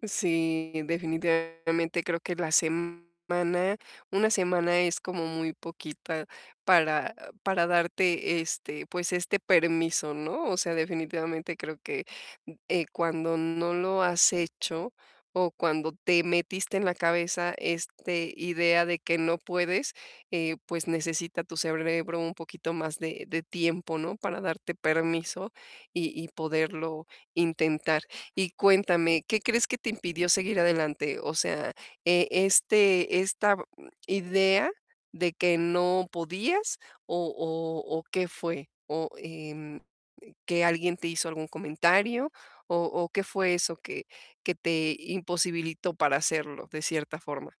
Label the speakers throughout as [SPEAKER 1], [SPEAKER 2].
[SPEAKER 1] Mm, sí, definitivamente creo que la semana una semana es como muy poquita para para darte este, pues, este permiso, ¿no? O sea, definitivamente creo que, eh, cuando no lo has hecho o cuando te metiste en la cabeza este idea de que no puedes, eh, pues necesita tu cerebro un poquito más de de tiempo, ¿no? Para darte permiso y y poderlo intentar. Y cuéntame, ¿qué crees que te impidió seguir adelante? O sea, eh, este esta b idea de que no podías o o o ¿qué fue? O, em, que alguien te hizo algún comentario o o ¿qué fue eso que que te imposibilitó para hacerlo de cierta forma?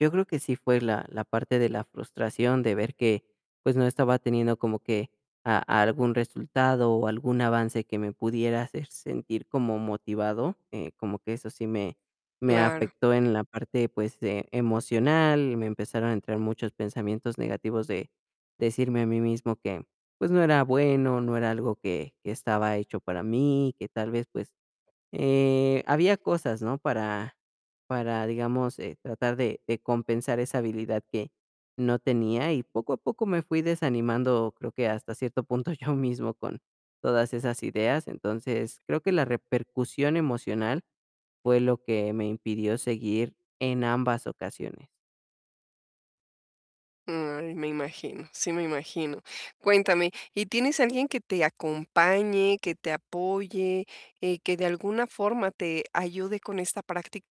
[SPEAKER 2] Yo creo que sí fue la la parte de la frustración de ver que, pues, no estaba teniendo como que a algún resultado o algún avance que me pudiera hacer sentir como motivado, eh, como que eso sí me me
[SPEAKER 1] Claro.
[SPEAKER 2] afectó en la parte, pues, eh, emocional. Me empezaron a entrar muchos pensamientos negativos de decirme a mí mismo que, pues, no era bueno, no era algo que, que estaba hecho para mí, que tal vez, pues, eh, había cosas, ¿no? Para para, digamos, eh, tratar de de compensar esa habilidad que no tenía y poco a poco me fui desanimando, creo que hasta cierto punto yo mismo con todas esas ideas. Entonces, creo que la repercusión emocional fue lo que me impidió seguir en ambas ocasiones.
[SPEAKER 1] Mm, me imagino, sí me imagino. Cuéntame, ¿y tienes alguien que te acompañe, que te apoye, eh, que de alguna forma te ayude con esta práctica?